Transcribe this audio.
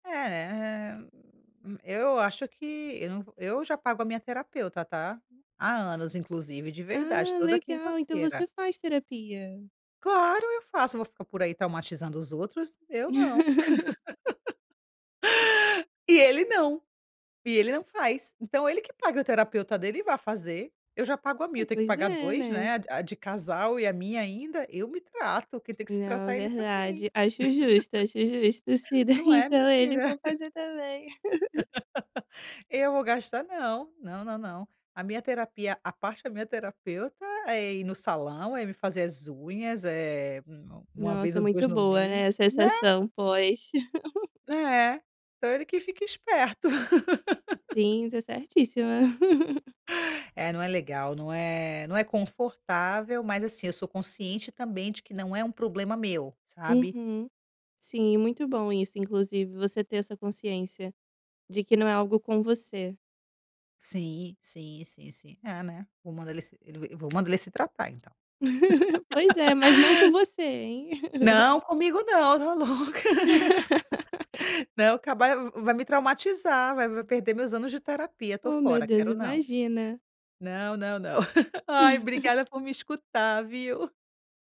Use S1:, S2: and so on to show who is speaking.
S1: É, né? Hum, eu acho que eu nã eu já pago a minha terapeuta, tá? Há anos inclusive, de verdade,
S2: Ah,
S1: toda
S2: legal. Então
S1: quinta-feira.
S2: você faz terapia.
S1: Claro, eu faço. Eu vou ficar por aí traumatizando os outros? Eu não. E ele não. E ele não faz, então ele que paga o terapeuta dele e vá fazer. Eu já pago a
S2: É.
S1: minha, tenho que
S2: Pois
S1: pagar
S2: é,
S1: 2.
S2: né?
S1: Né, a a de casal e a minha ainda? Eu me trato. Quem tem que se
S2: Não,
S1: tratar é ele também.
S2: verdade. Acho justo, acho justo. Se daí,
S1: Não é
S2: então, ele
S1: menina?
S2: for fazer também.
S1: Eu vou gastar não. Não, não, não. A minha terapia, a parte da minha terapeuta, é ir no salão, é ir fazer as unhas, eh, 1-, 1 vez
S2: Nossa,
S1: ou 2
S2: muito
S1: no
S2: boa,
S1: mês.
S2: né. A
S1: Né?
S2: sensação pós.
S1: É, então ele que fica esperto.
S2: Sim, tá certíssima.
S1: É, não é legal. Não é não é confortável, mas, assim, eu sou consciente também de que não é um problema meu, sabe?
S2: Uhum, sim, muito bom isso inclusive. Você ter essa consciência de que não é algo com você.
S1: Sim, sim, sim, sim. É, né? Vou mandar ele se ele ve vou mandar ele se tratar então.
S2: Pois é, mas não com você, hein.
S1: Não, comigo não. Tá louca? Não caba vai me traumatizar, vai vai perder meus anos de terapia. Tô
S2: Oh, meu
S1: fora,
S2: Deus.
S1: quero não.
S2: Imagina?
S1: Não, não, não. Ai, obrigada por me escutar, viu?